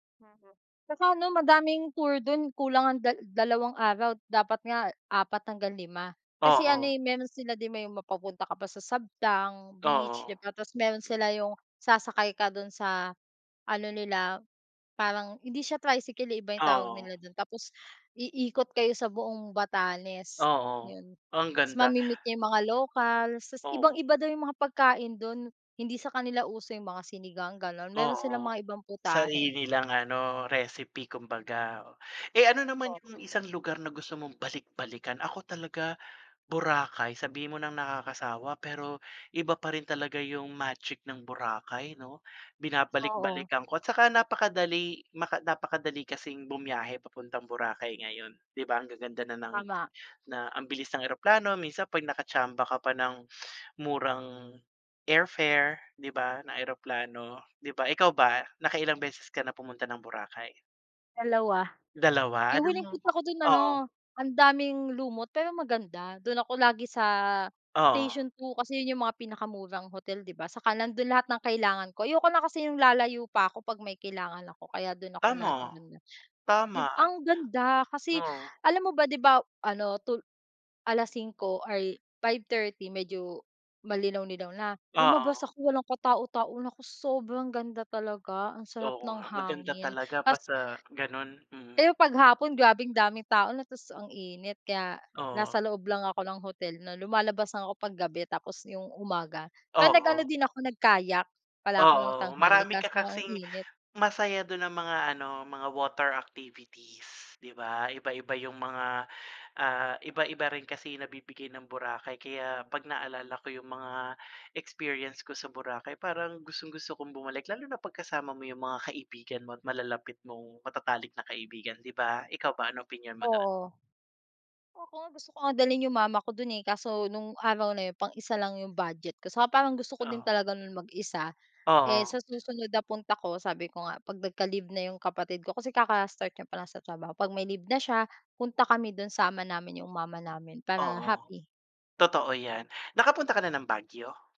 Mm. Tsaka ano madaming tour dun, kulang ang dal dalawang araw, dapat nga 4 hanggang 5. Kasi ano Oo. eh, meron sila din may mapapunta ka pa sa Sabtang beach, di Oo. ba, tas meron sila yung sasakay ka dun sa ano nila, parang hindi siya tricycle eh, iba yung tawag Oo. nila do'n, tapos iikot kayo sa buong Batanes, Oo. yun. Ang Tas ganda. mame-meet niyo yung mga lokals, tas Oo. ibang-iba daw yung mga pagkain dun. Hindi sa kanila uso yung mga sinigang, gano'n, meron silang Oo. mga ibang Sarili putahe. nilang ano recipe kumbaga. Eh ano naman yung Oo. isang lugar na gusto mong balik-balikan? Ako talaga Boracay, sabihin mo nang nakakasawa pero iba pa rin talaga yung magic ng Boracay, 'no? Oo. Binabalik-balikan ko at tsaka napakadali maka napakadali kasing bumiyahe papuntang Boracay ngayon, di ba? Ang gaganda na ng Tama. na ang bilis ng eroplano, minsan 'pag nakatsamba ka pa ng murang airfare, di ba, na eroplano, di ba? Ikaw ba, nakailang beses ka na pumunta ng Boracay? 2 2 Yung huling anong punta ko dun Oo. ano, ang daming lumot pero maganda. Dun ako lagi sa Oo. Station 2 kasi yun yung mga pinakamurang hotel, di ba, tsaka nandun lahat ng kailangan ko. Ayoko na kasi yung lalayo pa ako 'pag may kailangan ako kaya dun ako Tama. laging nandon. Tama. Dib ang ganda kasi Oo. alam mo ba, 'di ba, ano, tul 5:00, ay, 5:30 medyo malinaw-linaw na. Lumabas Oo. ako walang katao-tao, naku, sobrang ganda talaga, ang sarap Oo ng nga, maganda hangin, talaga tas basta gano'n, mm. Pero 'pag hapon, grabeng daming tao na ta's ang init kaya Oo. nasa loob lang ako ng hotel na lumalabas lang ako 'pag gabi tapos yung umaga. Pero nag-ano Oo. din ako, nag-kayak pala ako ng Oo, tanghali marami ka kaso nga ang kasing init. Masaya dun ang mga ano, mga water activities, di ba? Iba-iba yung mga, ah, iba-iba rin kasi nabibigay ng Boracay kaya 'pag naalala ko yung mga experience ko sa Boracay parang gustong-gusto kong bumalik lalo na 'pag kasama mo yung mga kaibigan mo at malalapit mong matatalik na kaibigan, di ba? Ikaw ba, anong opinyon mo do'n? Oo. Ako nga, gusto ko nga dalhin yung mama ko dun eh, kaso nung araw na yun pang-isa lang yung budget ko tsaka parang gusto ko din Oo. talaga nun mag-isa. Eh, Oo. sa susunod na punta ko sabi ko nga, 'pag nagka-leave na yung kapatid ko kasi kaka-start niya palang sa trabaho, 'pag may leave na siya, punta kami dun, sama namin yung mama namin para Oo. happy. Totoo yan, nakapunta ka na ng Baguio?